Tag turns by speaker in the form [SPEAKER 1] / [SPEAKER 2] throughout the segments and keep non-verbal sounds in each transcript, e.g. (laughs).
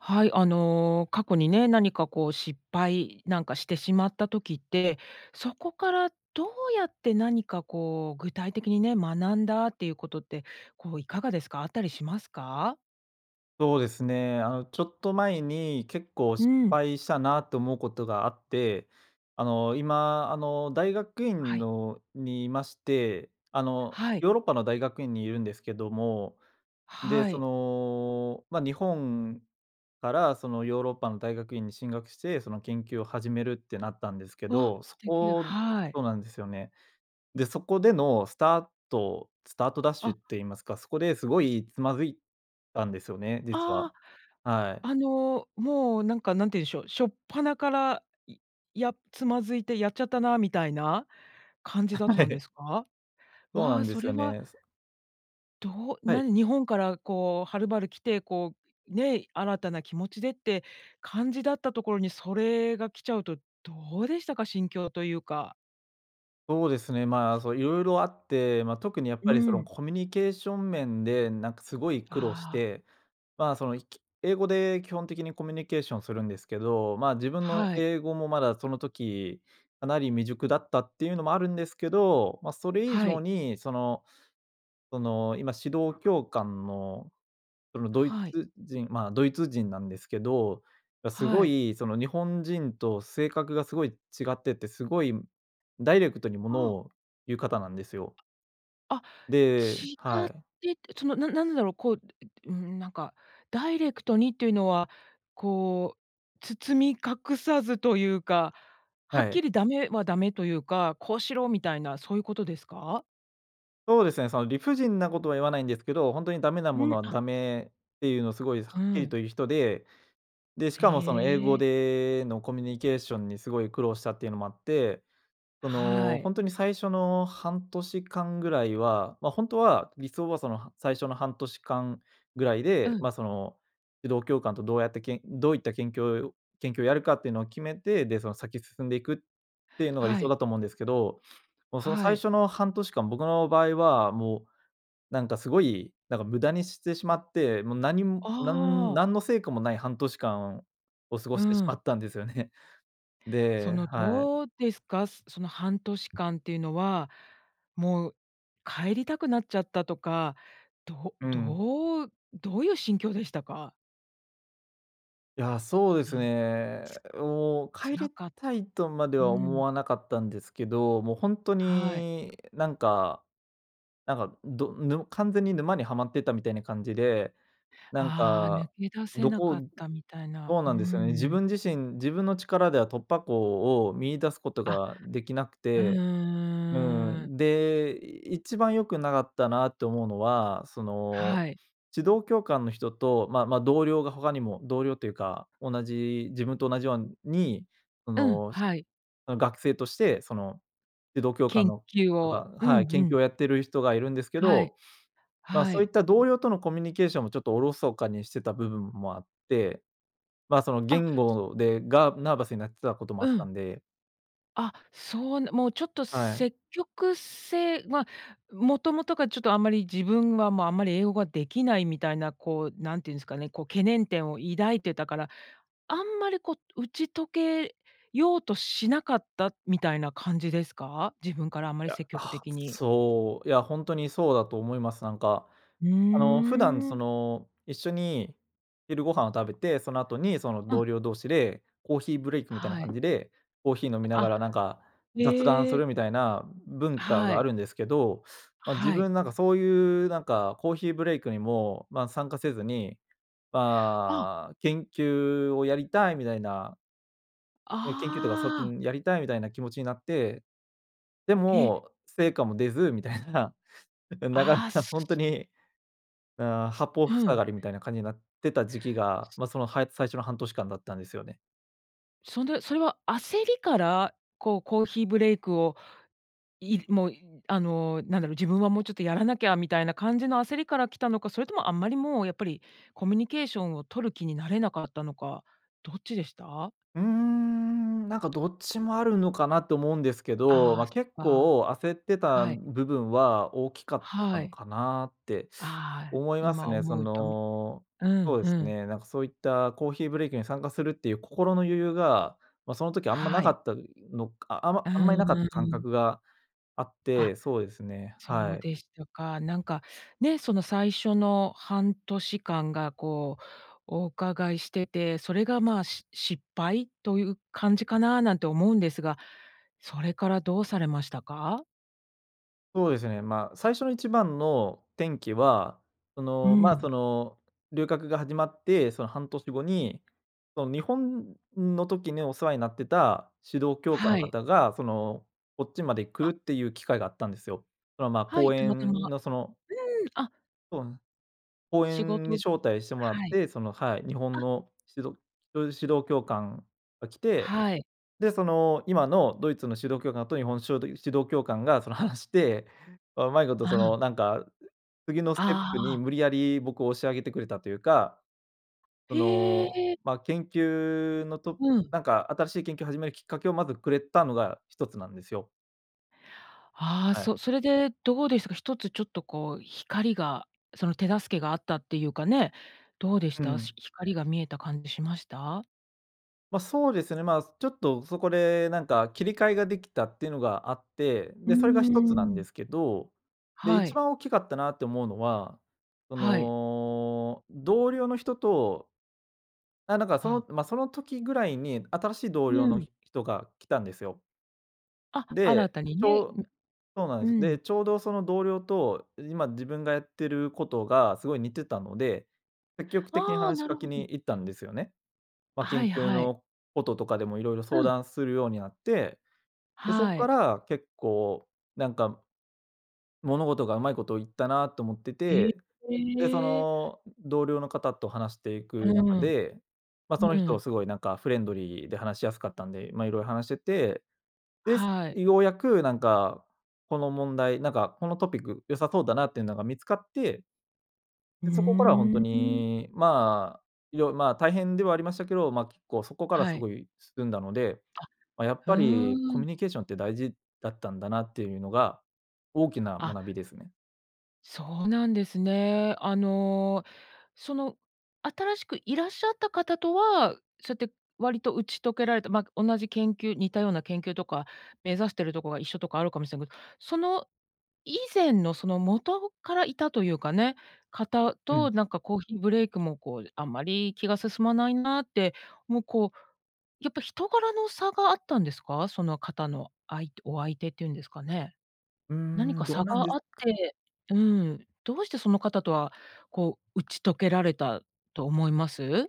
[SPEAKER 1] はい、あの過去にね、何かこう失敗なんかしてしまった時って、そこからどうやって何かこう、具体的にね、学んだっていうことって、こういかがですか、あったりしますか？
[SPEAKER 2] そうですね、あの、ちょっと前に、結構
[SPEAKER 1] う
[SPEAKER 2] 失
[SPEAKER 1] ん。
[SPEAKER 2] 敗したなと思うことがあって。あの、今あの、大学
[SPEAKER 1] は
[SPEAKER 2] 院
[SPEAKER 1] い。
[SPEAKER 2] のにいまして、あの、
[SPEAKER 1] はい。
[SPEAKER 2] ヨーロッパの大学院にいるんですけども。で、
[SPEAKER 1] は
[SPEAKER 2] そ
[SPEAKER 1] い。
[SPEAKER 2] の、ま、日本からその、ヨーロッパの大学院に進学して、その研究を始めるってなったんですけ
[SPEAKER 1] わ、
[SPEAKER 2] ど。そ
[SPEAKER 1] 素敵、
[SPEAKER 2] こ
[SPEAKER 1] はい。
[SPEAKER 2] そうなんですよね。で、そこでのスタートスタートダッシ
[SPEAKER 1] あ。
[SPEAKER 2] ュって言いますか、そこですごいつまずいたんですよね、実
[SPEAKER 1] あ
[SPEAKER 2] は、はい。
[SPEAKER 1] あ、あの、もうなんか、何て言うんでしょう、しょっぱなから、い、や、つまずいてやっちゃったな、みたいな感じ
[SPEAKER 2] あ
[SPEAKER 1] だっ
[SPEAKER 2] は
[SPEAKER 1] たんで
[SPEAKER 2] い。
[SPEAKER 1] すか？
[SPEAKER 2] そう
[SPEAKER 1] わ
[SPEAKER 2] な
[SPEAKER 1] あ、
[SPEAKER 2] んで
[SPEAKER 1] そ
[SPEAKER 2] すよ
[SPEAKER 1] れは
[SPEAKER 2] ね。そ
[SPEAKER 1] どう
[SPEAKER 2] はい。
[SPEAKER 1] 何、日本からこう、はるばる来て、こう、ね、新たな気持ちでって感じだったところに、それが来ちゃうと、どうでしたか、心境というか？
[SPEAKER 2] そうですね、ま、そう色々あって、ま、特にやっ
[SPEAKER 1] う
[SPEAKER 2] ぱりその、
[SPEAKER 1] ん。
[SPEAKER 2] コミュニケーション面でなんかすごい苦労し
[SPEAKER 1] ああ。
[SPEAKER 2] て、ま、その、ひき英語で基本的にコミュニケーションするんですけど、ま、自分の
[SPEAKER 1] はい。
[SPEAKER 2] 英語もまだその時、かなり未熟だったっていうのもあるんですけど、ま、それ以
[SPEAKER 1] は
[SPEAKER 2] 上
[SPEAKER 1] い。
[SPEAKER 2] にその、その、今指導教官のそのドイ
[SPEAKER 1] はい。
[SPEAKER 2] ツ人、ま、ドイツ人なんですけど、がすご
[SPEAKER 1] はい。
[SPEAKER 2] いその、日本人と性格がすごい違ってて、すごい、ダイレクトにも
[SPEAKER 1] あ
[SPEAKER 2] の
[SPEAKER 1] あ。
[SPEAKER 2] を言う方なんですよ。
[SPEAKER 1] あ、
[SPEAKER 2] で
[SPEAKER 1] 違
[SPEAKER 2] は
[SPEAKER 1] っ
[SPEAKER 2] い。
[SPEAKER 1] てて、そのななんだろう、こう、うーん、なんか、ダイレクトにっていうのは、こう、包み隠さずというか、は
[SPEAKER 2] は
[SPEAKER 1] っ
[SPEAKER 2] い。
[SPEAKER 1] きりダメはダメというか、こうしろみたいな、そういうことですか？
[SPEAKER 2] そうですね、その、理不尽なことは言わないんですけど、本当にダメな
[SPEAKER 1] う
[SPEAKER 2] も
[SPEAKER 1] ん、
[SPEAKER 2] のは
[SPEAKER 1] あ。
[SPEAKER 2] ダメっていうのをすごいは
[SPEAKER 1] う
[SPEAKER 2] っきり
[SPEAKER 1] ん。
[SPEAKER 2] と言う人で、で、しかもその、英
[SPEAKER 1] へ
[SPEAKER 2] 語
[SPEAKER 1] え。
[SPEAKER 2] でのコミュニケーションにすごい苦労したっていうのもあって、そ
[SPEAKER 1] は
[SPEAKER 2] の、
[SPEAKER 1] い。
[SPEAKER 2] 本当に最初の半年間ぐらいは、ま、本当は理想はその最初の半年間ぐらい
[SPEAKER 1] う
[SPEAKER 2] で、
[SPEAKER 1] ん。
[SPEAKER 2] ま、その、指導教官とどうやってけんどういったけんきょう、研究をやるかっていうのを決めて、で、その先進んでいく、っていうのが理
[SPEAKER 1] は
[SPEAKER 2] 想
[SPEAKER 1] い。
[SPEAKER 2] だと思うんですけど、(sniffs) もうその
[SPEAKER 1] は
[SPEAKER 2] 最
[SPEAKER 1] い。
[SPEAKER 2] 初の半年間、僕の場合はもう、なんかすごい、なんか無駄にしてしまって、もう何むなん
[SPEAKER 1] ああ。
[SPEAKER 2] 何の成果もない半年間を過ご
[SPEAKER 1] う
[SPEAKER 2] してしま
[SPEAKER 1] ん。
[SPEAKER 2] ったんですよね。(chuckles)
[SPEAKER 1] そ
[SPEAKER 2] で
[SPEAKER 1] の
[SPEAKER 2] はい。
[SPEAKER 1] どうですか、そその半年間っていうのは、もう帰りたくなっちゃったとか、ど
[SPEAKER 2] うん。
[SPEAKER 1] どう、どういう心境でしたか？
[SPEAKER 2] いや、そうです
[SPEAKER 1] なん
[SPEAKER 2] ね。
[SPEAKER 1] つ
[SPEAKER 2] もう帰
[SPEAKER 1] 辛
[SPEAKER 2] り
[SPEAKER 1] かっ
[SPEAKER 2] たいとまで
[SPEAKER 1] う
[SPEAKER 2] は思
[SPEAKER 1] ん。
[SPEAKER 2] わなかったんですけど、もうほんと
[SPEAKER 1] はい。
[SPEAKER 2] になんかなんか、どぬ完全に沼にはまってたみたいな感じで、なん
[SPEAKER 1] ああ、抜
[SPEAKER 2] か、
[SPEAKER 1] け出せ
[SPEAKER 2] ど
[SPEAKER 1] なかっ
[SPEAKER 2] こ
[SPEAKER 1] たみたいな。
[SPEAKER 2] そう
[SPEAKER 1] うー
[SPEAKER 2] なんですよね。自
[SPEAKER 1] ん。
[SPEAKER 2] 分自身、自分の力では突破口を見出すこと
[SPEAKER 1] あ、
[SPEAKER 2] ができなく
[SPEAKER 1] う
[SPEAKER 2] て、うー
[SPEAKER 1] ーん。
[SPEAKER 2] ん。で、一番良くなかったなって思うのは、その、
[SPEAKER 1] はい。
[SPEAKER 2] 指導教官の人とまあ、ま、同僚が他にも、同僚というか、同じ、自分と同じよんに、そ
[SPEAKER 1] うん、
[SPEAKER 2] の、し
[SPEAKER 1] はい。
[SPEAKER 2] の学生としてその、指導教官
[SPEAKER 1] 研
[SPEAKER 2] の
[SPEAKER 1] 究
[SPEAKER 2] と
[SPEAKER 1] を
[SPEAKER 2] か
[SPEAKER 1] うん
[SPEAKER 2] はい、
[SPEAKER 1] う
[SPEAKER 2] 研究
[SPEAKER 1] ん。
[SPEAKER 2] をやってる人がいるんですけ
[SPEAKER 1] はい。
[SPEAKER 2] ど、ま、
[SPEAKER 1] は
[SPEAKER 2] そうい
[SPEAKER 1] い。
[SPEAKER 2] った同僚とのコミュニケーションも、ちょっとおろそかにしてた部分もあって、まあ、その
[SPEAKER 1] あ。
[SPEAKER 2] 言語でがナーバスになってたことも
[SPEAKER 1] う
[SPEAKER 2] あった
[SPEAKER 1] ん。
[SPEAKER 2] んで。
[SPEAKER 1] あ、そうなもうちょっと
[SPEAKER 2] はい。
[SPEAKER 1] 積極性、ま、もともとがちょっとあんまり自分は、ま、あんまり英語ができないみたいな、こう、何て言うんすかね、こう懸念点を抱いてたから、あんまりこう、打ち解けようとしなかったみたいな感じですか？自分からあんま
[SPEAKER 2] い
[SPEAKER 1] り
[SPEAKER 2] や、
[SPEAKER 1] 積極
[SPEAKER 2] は、
[SPEAKER 1] 的に。
[SPEAKER 2] そう、いやほんとにそうだと思います。なんか、
[SPEAKER 1] うー
[SPEAKER 2] あの、普段そ
[SPEAKER 1] ん。
[SPEAKER 2] の、一緒に昼ご飯を食べて、その後に、その
[SPEAKER 1] うん。
[SPEAKER 2] 同僚同士でコーヒーブレイクみたいな
[SPEAKER 1] は
[SPEAKER 2] 感
[SPEAKER 1] い。
[SPEAKER 2] じで、コーヒー飲みなが
[SPEAKER 1] あ、
[SPEAKER 2] ら、なんか、雑談
[SPEAKER 1] へ
[SPEAKER 2] す
[SPEAKER 1] え。
[SPEAKER 2] るみたいな文化
[SPEAKER 1] は
[SPEAKER 2] があ
[SPEAKER 1] い。
[SPEAKER 2] るんですけど、ま、自
[SPEAKER 1] はい。
[SPEAKER 2] 分なんか、そういうなんか、コーヒーブレイクにも、まあ、参加せずに、
[SPEAKER 1] あ。
[SPEAKER 2] まあ、研究をやりたいみたいな。ええ、研究というか、そっち
[SPEAKER 1] ああ。
[SPEAKER 2] もやりたいみたいな気持ちになって。で
[SPEAKER 1] え。
[SPEAKER 2] も、成果も出ずみたいな、(laughs) ん、なかな
[SPEAKER 1] ああ、
[SPEAKER 2] か
[SPEAKER 1] す
[SPEAKER 2] ほんとに、うーん、八方
[SPEAKER 1] う
[SPEAKER 2] 塞
[SPEAKER 1] ん。
[SPEAKER 2] がりみたいな感じになってた時期が、ま、そのはい最初の半年間だったんですよね。
[SPEAKER 1] そんで、それは焦りから、こうコーヒーブレイクを、いもう、あのなんだろう、自分はもうちょっとやらなきゃ、みたいな感じの焦りから来たのか、それとも、あんまりもうやっぱり、コミュニケーションを取る気になれなかったのか。どっちでした？
[SPEAKER 2] うーん、なんかどっちもあるのかな、と思うんですけど。
[SPEAKER 1] ああ、
[SPEAKER 2] ま、
[SPEAKER 1] そ
[SPEAKER 2] 結
[SPEAKER 1] っか。
[SPEAKER 2] 構焦ってた、
[SPEAKER 1] はい。
[SPEAKER 2] ん、部分は大きかった
[SPEAKER 1] は
[SPEAKER 2] の
[SPEAKER 1] い。
[SPEAKER 2] かなって
[SPEAKER 1] ああ、
[SPEAKER 2] 思います
[SPEAKER 1] 今
[SPEAKER 2] ね。そ
[SPEAKER 1] 思うと、ん。
[SPEAKER 2] の
[SPEAKER 1] う
[SPEAKER 2] そ
[SPEAKER 1] ん、
[SPEAKER 2] うで
[SPEAKER 1] う
[SPEAKER 2] す
[SPEAKER 1] ん。
[SPEAKER 2] ね、なんかそういった、コーヒーブレイクに参加するっていう、心の余裕が、ま、その時あんまな
[SPEAKER 1] は
[SPEAKER 2] か
[SPEAKER 1] い。
[SPEAKER 2] ったのか。あ、ま、
[SPEAKER 1] うん
[SPEAKER 2] あんまり
[SPEAKER 1] う
[SPEAKER 2] なかっ
[SPEAKER 1] ん、うん
[SPEAKER 2] た
[SPEAKER 1] う
[SPEAKER 2] 感
[SPEAKER 1] ん。
[SPEAKER 2] 覚があっ
[SPEAKER 1] あ、
[SPEAKER 2] て、そうですね、は
[SPEAKER 1] そう
[SPEAKER 2] い。
[SPEAKER 1] でしたか。なんか、ね、その最初の半年間が、こう、お伺いしてて、それがまあ、し失敗という感じかな、なんて思うんですが。それからどうされましたか？
[SPEAKER 2] そうですね、まあ、最初の1番の転機は、そ
[SPEAKER 1] う
[SPEAKER 2] の、まあ、
[SPEAKER 1] ん。
[SPEAKER 2] その、留学が始まってその半年後に、その、日本の時にお世話になってた指導教官
[SPEAKER 1] は
[SPEAKER 2] の
[SPEAKER 1] い。
[SPEAKER 2] 方がその、こっちまで来
[SPEAKER 1] あ。
[SPEAKER 2] るっていう機会があったんですよ。そのまあ、
[SPEAKER 1] はい、
[SPEAKER 2] 講
[SPEAKER 1] たまたま
[SPEAKER 2] 演のその
[SPEAKER 1] うん。あ。
[SPEAKER 2] そうなん、講
[SPEAKER 1] 仕
[SPEAKER 2] 演
[SPEAKER 1] 事
[SPEAKER 2] に招待してもらっ
[SPEAKER 1] はい。
[SPEAKER 2] て、その、はい、日本
[SPEAKER 1] あ。
[SPEAKER 2] の指導教授指導教官が来て、
[SPEAKER 1] はい。
[SPEAKER 2] でその、今のドイツの指導教官と日本のしょうど、指導教官がその、話して、ま、うまいこと
[SPEAKER 1] あ
[SPEAKER 2] そ
[SPEAKER 1] あ。
[SPEAKER 2] の、なんか、次のステップに
[SPEAKER 1] ああ。
[SPEAKER 2] 無理やり僕を押し上げてくれたというか、そ
[SPEAKER 1] へ
[SPEAKER 2] の、
[SPEAKER 1] え。
[SPEAKER 2] ま、研究のと
[SPEAKER 1] うん。
[SPEAKER 2] なんか新しい研究を始めるきっかけをまずくれたのが一つなんですよ。
[SPEAKER 1] ああ、
[SPEAKER 2] はい。
[SPEAKER 1] そ、それでどうでしたか、一つちょっとこう光がその手助けがあったっていうかね、どうでし
[SPEAKER 2] う
[SPEAKER 1] た？
[SPEAKER 2] ん。
[SPEAKER 1] し光が見えた感じしました？
[SPEAKER 2] ま、そうですね、まあ、ちょっとそこで、なんか切り替えができたっていうのがあって、
[SPEAKER 1] うー
[SPEAKER 2] でそれが一つなんで
[SPEAKER 1] ん。
[SPEAKER 2] すけど、で、
[SPEAKER 1] は
[SPEAKER 2] 1
[SPEAKER 1] い。
[SPEAKER 2] 番大きかったなって思うのは、そ
[SPEAKER 1] はい。
[SPEAKER 2] の、同僚の人とあ、なんかそ
[SPEAKER 1] あ。
[SPEAKER 2] の、ま、その時ぐらいに新しい同
[SPEAKER 1] う
[SPEAKER 2] 僚の
[SPEAKER 1] ん。
[SPEAKER 2] ひ人が来たんですよ。
[SPEAKER 1] あ、新
[SPEAKER 2] で、
[SPEAKER 1] たに
[SPEAKER 2] ち
[SPEAKER 1] ね、
[SPEAKER 2] ょうそうなん
[SPEAKER 1] う
[SPEAKER 2] です。
[SPEAKER 1] うん。
[SPEAKER 2] で、ちょうどその同僚と、今自分がやってることがすごい似てたので、積極的に
[SPEAKER 1] ああ、
[SPEAKER 2] 話し
[SPEAKER 1] な
[SPEAKER 2] か
[SPEAKER 1] る
[SPEAKER 2] け
[SPEAKER 1] ほど。
[SPEAKER 2] に行ったんですよね。ま、
[SPEAKER 1] は
[SPEAKER 2] 緊
[SPEAKER 1] い
[SPEAKER 2] 急
[SPEAKER 1] はい。
[SPEAKER 2] のこととかでも色々
[SPEAKER 1] う
[SPEAKER 2] 相
[SPEAKER 1] ん。
[SPEAKER 2] 談するようになって、で、そっ
[SPEAKER 1] は
[SPEAKER 2] か
[SPEAKER 1] い。
[SPEAKER 2] ら結構なんか、物事がうまいことをいったなと思って
[SPEAKER 1] え、
[SPEAKER 2] て、で、そ
[SPEAKER 1] ええ。
[SPEAKER 2] の、同僚の方と話してい
[SPEAKER 1] う
[SPEAKER 2] く中
[SPEAKER 1] ん。
[SPEAKER 2] で、ま、
[SPEAKER 1] う
[SPEAKER 2] その人
[SPEAKER 1] ん。
[SPEAKER 2] すごいなんかフレンドリーで話しやすかったんで、ま、色々話してて、です、
[SPEAKER 1] はい。
[SPEAKER 2] ようやくなんか、この問題、なんかこのトピック良さそうだなっていうのが見つかって
[SPEAKER 1] う
[SPEAKER 2] で、そこからは本当
[SPEAKER 1] ーん。
[SPEAKER 2] にまあ、よまあ大変ではありましたけど、ま、結構そこから
[SPEAKER 1] は
[SPEAKER 2] す
[SPEAKER 1] い。
[SPEAKER 2] ごい進んだので、
[SPEAKER 1] あ、
[SPEAKER 2] まあやっ
[SPEAKER 1] う
[SPEAKER 2] ぱり、コ
[SPEAKER 1] ー
[SPEAKER 2] ミ
[SPEAKER 1] ん。
[SPEAKER 2] ュニケーションって大事だったんだなっていうのが大きな
[SPEAKER 1] あ。
[SPEAKER 2] 学びですね。
[SPEAKER 1] そうなんですね。あの、その新しくいらっしゃった方とは、そうやって割と打ち解けられた、ま、同じ研究似たような研究とか目指してるとこが一緒とかあるかもしれけど、その、以前のその元からいたというかね、方
[SPEAKER 2] うん。
[SPEAKER 1] と、なんかコーヒーブレイクもこうあんまり気が進まないなって、もうこう、やっぱ人柄の差があったんですか？その方の、相手お相手っていうんですかね。
[SPEAKER 2] うー
[SPEAKER 1] 何
[SPEAKER 2] ん、
[SPEAKER 1] か
[SPEAKER 2] どう
[SPEAKER 1] 差
[SPEAKER 2] なんで
[SPEAKER 1] が
[SPEAKER 2] す
[SPEAKER 1] あっ
[SPEAKER 2] か。
[SPEAKER 1] てうん、どうしてその方とは、こう打ち解けられたと思います？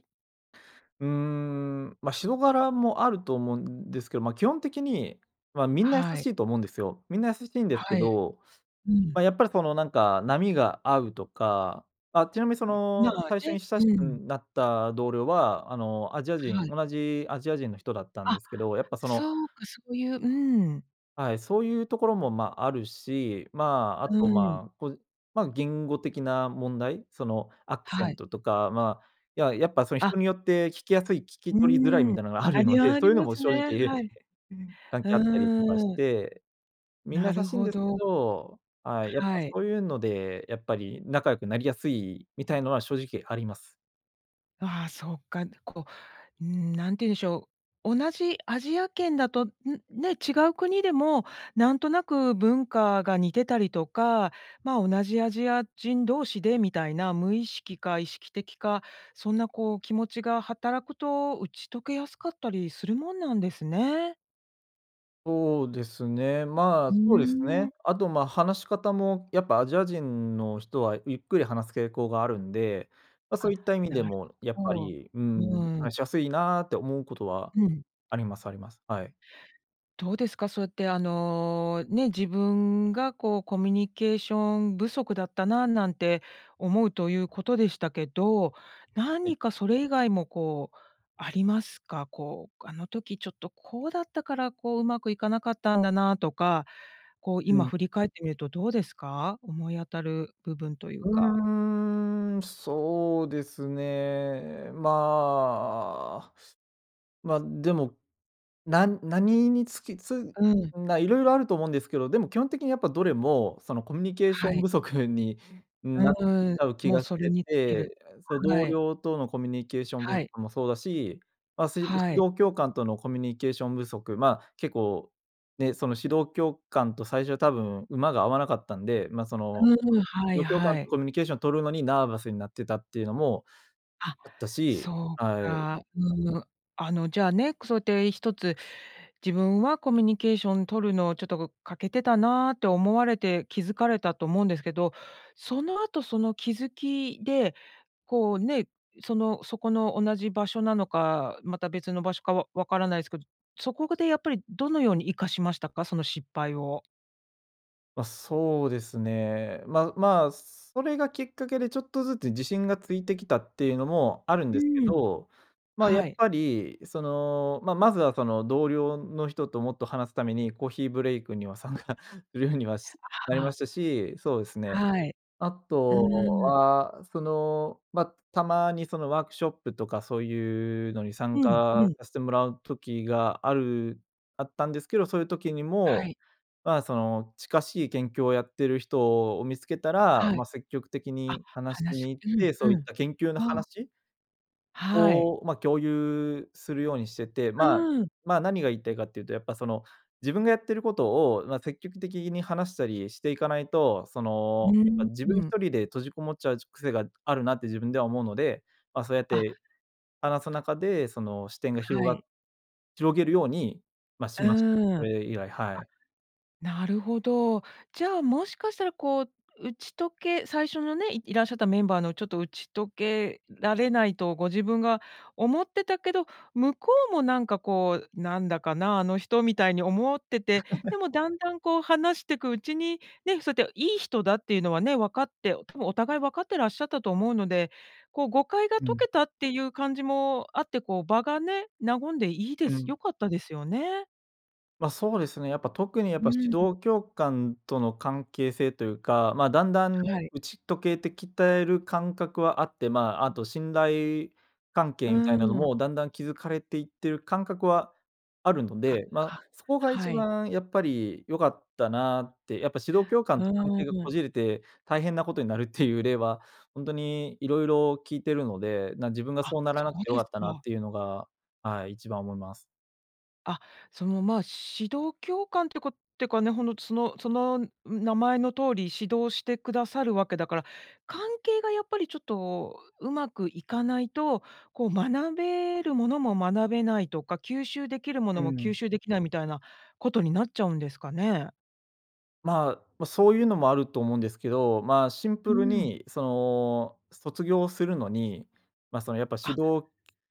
[SPEAKER 2] うーん、ま、人柄もあると思うんですけど、ま、基本的に、ま、みんな優
[SPEAKER 1] は
[SPEAKER 2] し
[SPEAKER 1] い。
[SPEAKER 2] いと思うんですよ。みんな優しいんですけ
[SPEAKER 1] はい。
[SPEAKER 2] ど、
[SPEAKER 1] う
[SPEAKER 2] ま、
[SPEAKER 1] ん。
[SPEAKER 2] やっぱりその、なんか波が合うとか、あ、ちなみにそ
[SPEAKER 1] うん、ま
[SPEAKER 2] の、
[SPEAKER 1] あ
[SPEAKER 2] 最初
[SPEAKER 1] ね、
[SPEAKER 2] に親し
[SPEAKER 1] う
[SPEAKER 2] く
[SPEAKER 1] ん。
[SPEAKER 2] なった同僚は、あの、アジア
[SPEAKER 1] は
[SPEAKER 2] 人
[SPEAKER 1] い。
[SPEAKER 2] 同じアジア人の人だったんで
[SPEAKER 1] あ、
[SPEAKER 2] すけど、やっぱその
[SPEAKER 1] そうか、そういう、うん。
[SPEAKER 2] はい、そういうところもま、あるし、ま、あ
[SPEAKER 1] う
[SPEAKER 2] と
[SPEAKER 1] ん。
[SPEAKER 2] ま、こう、ま、言語的な問題、そのアクセ
[SPEAKER 1] は
[SPEAKER 2] ン
[SPEAKER 1] い。
[SPEAKER 2] トとか、ま、や、やっぱその
[SPEAKER 1] あ。
[SPEAKER 2] 人によって聞きやすい、聞き
[SPEAKER 1] う
[SPEAKER 2] 取りづらい
[SPEAKER 1] ん。
[SPEAKER 2] みたいなのがある
[SPEAKER 1] あ
[SPEAKER 2] の
[SPEAKER 1] れ
[SPEAKER 2] で、
[SPEAKER 1] はあ
[SPEAKER 2] そう
[SPEAKER 1] り
[SPEAKER 2] いうの
[SPEAKER 1] ま
[SPEAKER 2] も
[SPEAKER 1] す
[SPEAKER 2] 正
[SPEAKER 1] ね。
[SPEAKER 2] 直、
[SPEAKER 1] はい。
[SPEAKER 2] 関係あったりとかし
[SPEAKER 1] うーん。
[SPEAKER 2] て、みんな
[SPEAKER 1] な
[SPEAKER 2] 優
[SPEAKER 1] る
[SPEAKER 2] しいん
[SPEAKER 1] ほ
[SPEAKER 2] ですけ
[SPEAKER 1] ど。
[SPEAKER 2] ど、はい、やっぱ
[SPEAKER 1] はい。
[SPEAKER 2] そういうので、やっぱり仲良くなりやすいみたいのは正直あります。
[SPEAKER 1] ああ、そっか、こう、うーん、何て言うんでしょう、同じアジア圏だと、ん、ね、違う国でも、なんとなく文化が似てたりとか、ま、同じアジア人同士でみたいな、無意識か意識的か、そんなこう気持ちが働くと打ち解けやすかったりするもんなんですね？
[SPEAKER 2] そうですね。ま
[SPEAKER 1] う
[SPEAKER 2] あ、そうです
[SPEAKER 1] ー
[SPEAKER 2] ね。
[SPEAKER 1] ん。
[SPEAKER 2] あと、ま、話し方もやっぱアジア人の人はゆっくり話す傾向があるんで、ま、
[SPEAKER 1] あ、
[SPEAKER 2] そういった意味で
[SPEAKER 1] なる
[SPEAKER 2] も、やっぱ
[SPEAKER 1] ほど。
[SPEAKER 2] り、うー
[SPEAKER 1] う
[SPEAKER 2] ん、
[SPEAKER 1] ん。
[SPEAKER 2] 話しやすいなあって思うことは
[SPEAKER 1] うん。
[SPEAKER 2] ありますあります、はい。
[SPEAKER 1] どうですか、そうやってあの、ね、自分がこうコミュニケーション不足だったな、なんて思うということでしたけど、
[SPEAKER 2] はい。
[SPEAKER 1] 何かそれ以外もこう、ありますか？こう、あの時ちょっとこうだったから、こう上手くいかなかったんだなとか、こう、
[SPEAKER 2] う
[SPEAKER 1] 今
[SPEAKER 2] ん。
[SPEAKER 1] 振り返ってみるとどうですか？思い当たる部分とい
[SPEAKER 2] う
[SPEAKER 1] うか。
[SPEAKER 2] ーん、そうですね。まあ、ま、でも、なん何につき、つ、ん
[SPEAKER 1] うん。
[SPEAKER 2] な、色々あると思うんですけど、でも基本的にやっぱどれも、そのコミュニケーシ
[SPEAKER 1] は
[SPEAKER 2] ョン
[SPEAKER 1] い。
[SPEAKER 2] 不足になっち
[SPEAKER 1] うん、
[SPEAKER 2] ゃう気
[SPEAKER 1] もう
[SPEAKER 2] がし
[SPEAKER 1] それ
[SPEAKER 2] て
[SPEAKER 1] に尽きる。
[SPEAKER 2] て、その
[SPEAKER 1] は
[SPEAKER 2] 同
[SPEAKER 1] い。
[SPEAKER 2] 僚とのコミュニケーション不
[SPEAKER 1] はい。
[SPEAKER 2] 足もそうだし、ま、す、指
[SPEAKER 1] はい。
[SPEAKER 2] 導教官とのコミュニケーション不足、まあ、結構、ね、その指導教官と最初は多分馬が合わなかったんで、ま、その、
[SPEAKER 1] うん、
[SPEAKER 2] ふ、
[SPEAKER 1] は
[SPEAKER 2] 指
[SPEAKER 1] い
[SPEAKER 2] 導教官
[SPEAKER 1] は
[SPEAKER 2] と
[SPEAKER 1] い。
[SPEAKER 2] コミュニケーションを取るのにナーバスになってたっていうのも、
[SPEAKER 1] あ、
[SPEAKER 2] あったし、
[SPEAKER 1] そう
[SPEAKER 2] はい。
[SPEAKER 1] か。うん、あのじゃあね、くそうやって一つ、自分はコミュニケーションとるのをちょっとこ欠けてたなと思われて気づかれたと思うんですけど、その後その気づきで、こう、ね、そのそこの同じ場所なのか、また別の場所かわわからないすけど、そこでやっぱりどのように生かしましたか？その失敗を。
[SPEAKER 2] まあそうですね。ま、まあそれがきっかけでちょっとずつ自信がついてきたっていうのもおあるん
[SPEAKER 1] う
[SPEAKER 2] ですけ
[SPEAKER 1] ーん。
[SPEAKER 2] ど、まあや
[SPEAKER 1] は
[SPEAKER 2] っ
[SPEAKER 1] い。
[SPEAKER 2] ぱりその、ま、まずはその同僚の人ともっと話すために、コーヒーブレイクには参加 (chuckles) するようにはしな
[SPEAKER 1] あ
[SPEAKER 2] りま
[SPEAKER 1] あ。
[SPEAKER 2] したし、そうですね。
[SPEAKER 1] はい。
[SPEAKER 2] あ
[SPEAKER 1] う
[SPEAKER 2] と
[SPEAKER 1] ーん。
[SPEAKER 2] は、その、ま、たまにそのーワークショップとかそうゆうのに参
[SPEAKER 1] うんう
[SPEAKER 2] 加
[SPEAKER 1] ん。
[SPEAKER 2] させてもらう時があるあったんですけど、そういう時に
[SPEAKER 1] は
[SPEAKER 2] も、
[SPEAKER 1] い。
[SPEAKER 2] まあ、その、近しい研究をやってる人を見つけたら、
[SPEAKER 1] は
[SPEAKER 2] ま
[SPEAKER 1] い。
[SPEAKER 2] あ積極的
[SPEAKER 1] あ、
[SPEAKER 2] に話し
[SPEAKER 1] 話
[SPEAKER 2] に行っ
[SPEAKER 1] う
[SPEAKER 2] て、そ
[SPEAKER 1] ん
[SPEAKER 2] うい
[SPEAKER 1] う
[SPEAKER 2] っ
[SPEAKER 1] ん。
[SPEAKER 2] た研究の
[SPEAKER 1] ああ。
[SPEAKER 2] 話？
[SPEAKER 1] はい。
[SPEAKER 2] をま共有するようにしてて、
[SPEAKER 1] う
[SPEAKER 2] まあ、
[SPEAKER 1] ーん。
[SPEAKER 2] まあ何が言いたいかっていうと、やっぱその、自分がやってることをま積極的に話したりしていかないと、そ
[SPEAKER 1] う
[SPEAKER 2] の、
[SPEAKER 1] ー
[SPEAKER 2] やっぱ
[SPEAKER 1] ん、
[SPEAKER 2] 自分
[SPEAKER 1] う
[SPEAKER 2] ひ
[SPEAKER 1] ん。
[SPEAKER 2] とりで閉じこもっちゃう癖があるなって自分では思うので、まあそうやっ
[SPEAKER 1] あ。
[SPEAKER 2] て、話す中で、その、視点が広
[SPEAKER 1] は
[SPEAKER 2] がっ
[SPEAKER 1] い。
[SPEAKER 2] 広げるように、ま、
[SPEAKER 1] う
[SPEAKER 2] しましたね。
[SPEAKER 1] ーん。
[SPEAKER 2] そ
[SPEAKER 1] あ、
[SPEAKER 2] れ以来、はい。
[SPEAKER 1] なるほど。じゃあもしかしたらこう、打ち解け最初のね、いいらっしゃったメンバーのちょっと打ち解けられないとご自分が思ってたけど、向こうもなんかこう、なんだかな、あの人みたいに思ってて、
[SPEAKER 2] (laughs)
[SPEAKER 1] でもだんだんこう話してくうちに、ね、そやっていい人だっていうのはね、わかって、多分お互い分かってらっしゃったと思うので、こう誤解が
[SPEAKER 2] う
[SPEAKER 1] 解
[SPEAKER 2] ん。
[SPEAKER 1] けたっていう感じもあってこう場がね、和んでいいで
[SPEAKER 2] う
[SPEAKER 1] す。よ
[SPEAKER 2] ん。
[SPEAKER 1] かったですよね。
[SPEAKER 2] ま、そうですね。やっぱ、特にやっ
[SPEAKER 1] う
[SPEAKER 2] ぱ、指
[SPEAKER 1] ん。
[SPEAKER 2] 導教官との関係性というか、まあ、だんだんね、
[SPEAKER 1] はい。
[SPEAKER 2] 打ち解けてる感覚はあって、まあ、あと信頼関
[SPEAKER 1] う
[SPEAKER 2] 係みたいなの
[SPEAKER 1] ーん。
[SPEAKER 2] も、だんだん築かれていっている感覚はあるの
[SPEAKER 1] あ、
[SPEAKER 2] で。まあ、
[SPEAKER 1] は、
[SPEAKER 2] そこが一
[SPEAKER 1] はい。
[SPEAKER 2] 番、やっぱり良かったなって。やっぱ、指導教
[SPEAKER 1] う
[SPEAKER 2] 官と関
[SPEAKER 1] ー
[SPEAKER 2] 係がこ
[SPEAKER 1] ん。
[SPEAKER 2] じれて、大変なことになるっていう例は、ほんとに色々聞いてるので。な、自分が
[SPEAKER 1] あ、
[SPEAKER 2] そうなら
[SPEAKER 1] そ
[SPEAKER 2] なく
[SPEAKER 1] う
[SPEAKER 2] て良
[SPEAKER 1] で
[SPEAKER 2] か
[SPEAKER 1] す
[SPEAKER 2] ったなっ
[SPEAKER 1] か。
[SPEAKER 2] ていうのが、はい、一番思います。
[SPEAKER 1] あ、その、まあ、指導教官ってこてかね、ほのつのその、ん、名前の通り、指導してくださるわけだから、関係がやっぱりちょっと、うまくいかないと、こう学べるものも学べないとか、吸収できるも
[SPEAKER 2] う
[SPEAKER 1] のも吸
[SPEAKER 2] ん。
[SPEAKER 1] 収できない、みたいなことになっちゃうんですかね？
[SPEAKER 2] まあ、ま、そういうのもあると思うんですけど。まあ、シン
[SPEAKER 1] う
[SPEAKER 2] プル
[SPEAKER 1] ん。
[SPEAKER 2] に、その、卒業するのに、ま、そのやっぱ、
[SPEAKER 1] あ。
[SPEAKER 2] 指導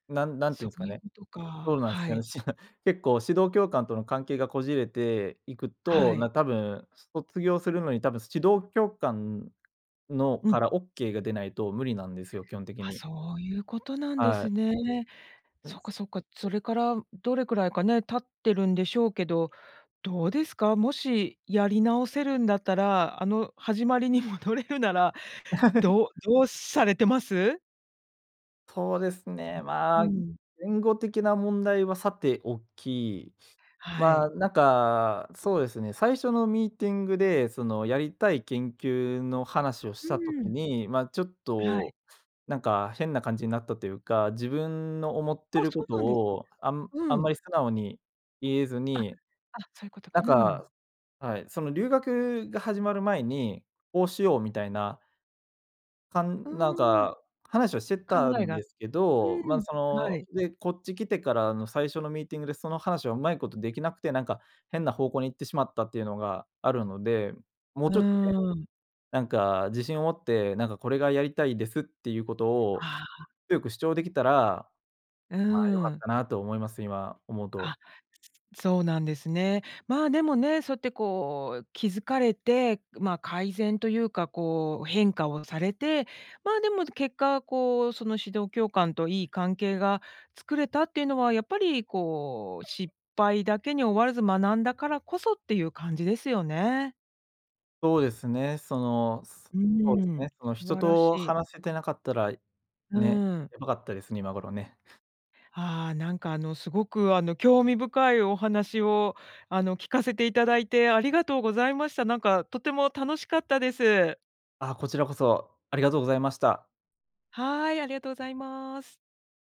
[SPEAKER 2] なんなんていう
[SPEAKER 1] そ
[SPEAKER 2] んす
[SPEAKER 1] う
[SPEAKER 2] か
[SPEAKER 1] いうこ
[SPEAKER 2] ね、
[SPEAKER 1] と
[SPEAKER 2] ど
[SPEAKER 1] か。
[SPEAKER 2] うなんす
[SPEAKER 1] は
[SPEAKER 2] かね。
[SPEAKER 1] い。
[SPEAKER 2] し (laughs) 結構、指導教官との関係がこじれていく
[SPEAKER 1] は
[SPEAKER 2] と、な、
[SPEAKER 1] い。
[SPEAKER 2] 多分卒業するのに、多分指導教官の
[SPEAKER 1] う
[SPEAKER 2] か
[SPEAKER 1] ん。
[SPEAKER 2] らオッケーが出ないと無理なんですよ、基本的
[SPEAKER 1] あ、
[SPEAKER 2] に。
[SPEAKER 1] そういうことなんで
[SPEAKER 2] はい。
[SPEAKER 1] すね。
[SPEAKER 2] な
[SPEAKER 1] そ
[SPEAKER 2] ん
[SPEAKER 1] っ
[SPEAKER 2] せ
[SPEAKER 1] かそっか。それからどれくらいかね、経ってるんでしょうけど、どうですか？もしやり直せるんだったら、あの、始まりに戻れるなら、
[SPEAKER 2] (laughs)
[SPEAKER 1] どうどうされてます？
[SPEAKER 2] そうですね。
[SPEAKER 1] うう、う
[SPEAKER 2] ま、
[SPEAKER 1] ん。
[SPEAKER 2] 言語的な問題はさておき。
[SPEAKER 1] はい。
[SPEAKER 2] ま、なんか、そうですね、最初のミーティングで、その、やりたい研究の話をし
[SPEAKER 1] う
[SPEAKER 2] た時
[SPEAKER 1] ん。
[SPEAKER 2] に、ま、ちょっ
[SPEAKER 1] はい。
[SPEAKER 2] と、なんか変な感じになったというか、自分の思って
[SPEAKER 1] あ、
[SPEAKER 2] る
[SPEAKER 1] そ
[SPEAKER 2] こ
[SPEAKER 1] う
[SPEAKER 2] と
[SPEAKER 1] なんで
[SPEAKER 2] を、あんあ
[SPEAKER 1] う
[SPEAKER 2] んま
[SPEAKER 1] ん。
[SPEAKER 2] り素直に言えず
[SPEAKER 1] あ、あ、
[SPEAKER 2] に、
[SPEAKER 1] そういうことか、
[SPEAKER 2] だ
[SPEAKER 1] う
[SPEAKER 2] か
[SPEAKER 1] ん。
[SPEAKER 2] らはい。その留学が始まる前に、こうしようみたいなかん
[SPEAKER 1] う
[SPEAKER 2] なん
[SPEAKER 1] ーん。
[SPEAKER 2] か、話をしてた
[SPEAKER 1] 考え
[SPEAKER 2] ん
[SPEAKER 1] が
[SPEAKER 2] ですけ
[SPEAKER 1] う
[SPEAKER 2] ど。ま、
[SPEAKER 1] ん、
[SPEAKER 2] そ
[SPEAKER 1] は
[SPEAKER 2] の、
[SPEAKER 1] い。
[SPEAKER 2] で、こっち来てからの最初のミーティングで、その話はうまいことできなくて、なんか、変な方向に行ってしまったっていうのがあるので。もう
[SPEAKER 1] う
[SPEAKER 2] ちょっとね、
[SPEAKER 1] ーん。
[SPEAKER 2] なんか自信を持って、なんか「これがやりたいです」っていうことを、
[SPEAKER 1] ああ。
[SPEAKER 2] 強く主張できたら、
[SPEAKER 1] うー
[SPEAKER 2] ま、良かっ
[SPEAKER 1] ん。
[SPEAKER 2] たなと思います、今思うと。
[SPEAKER 1] あ、そうなんですね。まあ、でもね、そうやってこう、気づかれて、ま、改善というか、こう、変化をされて。ま、でも結果こう、その指導教官といい関係が作れたっていうのは、やっぱりこう、失敗だけに終わらず、学んだからこそっていう感じですよね？
[SPEAKER 2] そうですね。その、す
[SPEAKER 1] うー
[SPEAKER 2] そうです
[SPEAKER 1] ん、
[SPEAKER 2] ね。その
[SPEAKER 1] 素
[SPEAKER 2] 人
[SPEAKER 1] 晴らし
[SPEAKER 2] と
[SPEAKER 1] い。
[SPEAKER 2] 話せてなかったら、
[SPEAKER 1] う
[SPEAKER 2] ね、
[SPEAKER 1] ーん。
[SPEAKER 2] やばかったですね、今頃ね。
[SPEAKER 1] ああ、なんかあの、すごくあの、興味深いお話を、あの、聞かせていただいて、ありがとうございました。なんか、とても楽しかったです。
[SPEAKER 2] あ、こちらこそ、ありがとうございました。
[SPEAKER 1] はい、ありがとうございます。